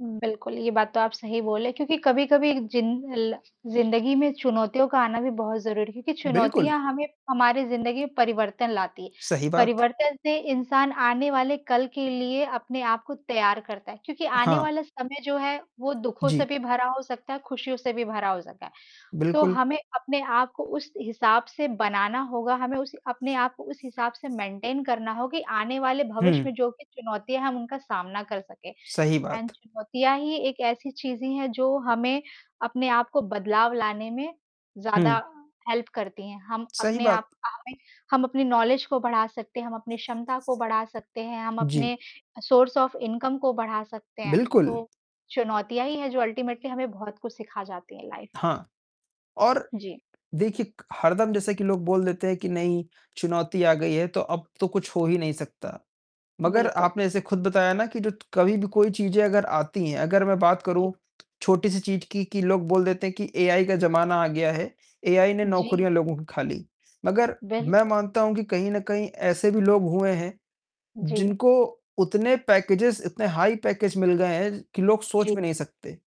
हुँ, बिल्कुल, ये बात तो आप सही बोले, क्योंकि कभी-कभी जिन ल ज़िंदगी में चुनौतियों का आना भी बहुत ज़रूरी है, क्योंकि बिल्कुल। चुनौतियाँ हमें हमारी ज़िंदगी में परिवर्तन लाती। सही बात। परिवर्तन से इंसान आने वाले कल के लिए अपने आप को तैयार करता है, क्योंकि आने हाँ। वाला समय जो है, वो दुखों से जी। भी भरा हो सकता है, खुशियों से भी भरा हो सकता है। तो बिल्कुल। हमें अपने आप को उस हिसाब से बनाना होगा, हमें उस अपने आप को उस हिसाब से मेंटेन करना हो, कि आने वाले भविष्य में हुँ। जो भी चुनौतियाँ है, हम उनका सामना कर सकें। सही एंड बात। चुनौतियाँ ही एक ऐसी चीज़ें हैं, जो हमें अपने आप को बदलाव लाने में ज़्यादा हुँ। हेल्प करती हैं, हम सही अपने आप बात। अ, हमें हम अपनी नॉलेज को बढ़ा सकते हैं, हम अपने क्षमता को बढ़ा सकते हैं, हम अपने जी। अ, सोर्स ऑफ इनकम को बढ़ा सकते हैं। बिल्कुल। तो, चुनौतियाँ ही हैं, जो अल्टीमेटली हमें बहुत कुछ सीखा जाती है लाइफ में। हाँ, और जी। देखिए क हरदम जैसे कि लोग बोल देते हैं कि नहीं, चुनौती आ गई है, तो अब तो कुछ हो ही नहीं सकता। मगर बिल्कुल। आपने ऐसे खुद बताया ना कि जो त कभी भी कोई चीज़ें अगर आती हैं, अगर मैं बात जी। करूँ छोटी-सी चीज़ की, कि लोग बोल देते हैं कि एआई का ज़माना आ गया है, एआई ने जी। नौकरियाँ लोगों की खा ली। मगर वेरी मैं गुड। मानता हूँ कि कहीं न कहीं ऐसे भी लोग हुए हैं, जी। जिनको उतने पैकेजेज़ इतने हाई पैकेज मिल गए हैं, ज कि लोग सोच जी। भी नहीं सकते।